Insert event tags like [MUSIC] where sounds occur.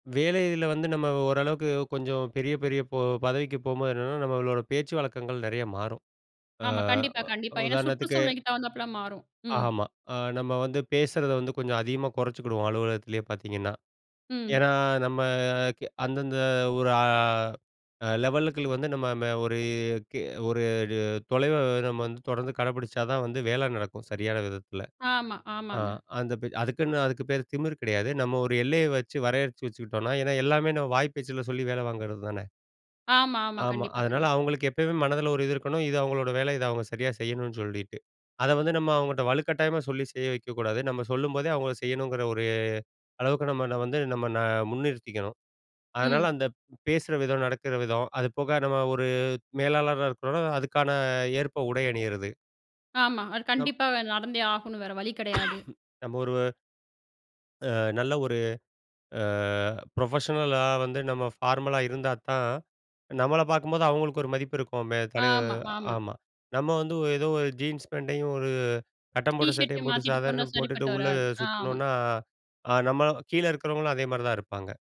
வேலையிதுல வந்து நம்ம ஓரளவுக்கு கொஞ்சம் பெரிய, பெரிய பொ பதவிக்கு போம்போது என்னன்னா, நம்மளோட பேச்சு வழக்கங்கள் நெறைய மாறும். ஆ, ஆமா. கண்டிப்பா, வ கண்டிப்பா. ஏன்னா உதாரணத்துக்கு சுற்றுசூழ்நிலைக்கு தகுந்தாப்ல மாறும். ம். ஆமா. அ நம்ம வந்து பேசறத வந்து கொஞ்சம் அதிகமா கொறச்சிக்கிடுவோம் அலுவலகத்திலேயே பாத்தீங்கன்னா, ம். ஏன்னா நம்ம கெ அந்தந்த ஒரு அ, அ லெவலுக்குள்ள வந்து நம்ம ம ஒரு, கி ஒரே அடிய தொலைவ நம்ம வந்து தொடர்ந்து கடபிடிச்சா தான் வந்து வேல நடக்கும். சரியான விதத்தில. ஆமா, ஆ ஆமாங்க. அந்த பெ அதுக்குன்னு அதுக்கு பேரு திமிரு கெடையாது. நம்ம ஒரு எல்லைய வச்சு வரையறச்சு வச்சுக்கிட்டோன்னா ஏன்னா எல்லாமே நம்ம வாய் பேச்சில சொல்லி வேல வாங்குறது தானே! ஆமா, ஆமா. ஆமா. கண்டிப்பா, அதனால கண்டிப்பா. அவுங்களுக்கு எப்பயுமே மனதில ஒரு இது இருக்கணும். இது அவுங்களோட வேல தான் அவுங்க சரியா செய்யணுன்னு சொல்லீட்டு. அத வந்து நம்ம அவங்கட்ட வலுக்கட்டாயமா சொல்லி செய்ய வெக்கக்கூடாது. நம்ம சொல்லும்போதே அவங்க செய்யணுங்கற ஒரு அளவுக்கு நம்ம வந்து நம்ம ந முன்னிறுத்திக்கணும். அதனால ம். அந்த பேசுற விதம், நடக்கற விதம், அதுபோக நம்ம ஒரு மேலாளரா இருக்கறோன்னா அதுக்கான ஏற்ப உடை அணியறது. ஆமா. அது நம் கண்டிப்பாக நடந்தே ஆகணும். வேற வழி கெடையாது. [COUGHS] நம்ம ஒருவ அ நல்ல ஒரு அ ப்ரொஃபஷ்னலா வந்து நம்ம ஃபார்மலா இருந்தா தான் நம்மள பாக்கும்போது அவுங்களுக்கு ஒரு மதிப்பு இருக்கும். மே தலைவ ஆமா, ஆமா. ஆமா. நம்ம வந்து ஒ எதோ ஒரு ஜீன்ஸ் பேண்ட்டையும் ஒரு கட்டம் டி போட்ட ஷர்ட்டு சட்டையும் போட்டு மாத்திட்டு போனா சாதாரணம் போட்டுட்டு சரிப்பட்டு உள்ள வராது. ஆமா. சுத்துனோன்னா, அ நம்ம கீழே இருக்றவுங்களும் அதேமாரி தான் இருப்பாங்க.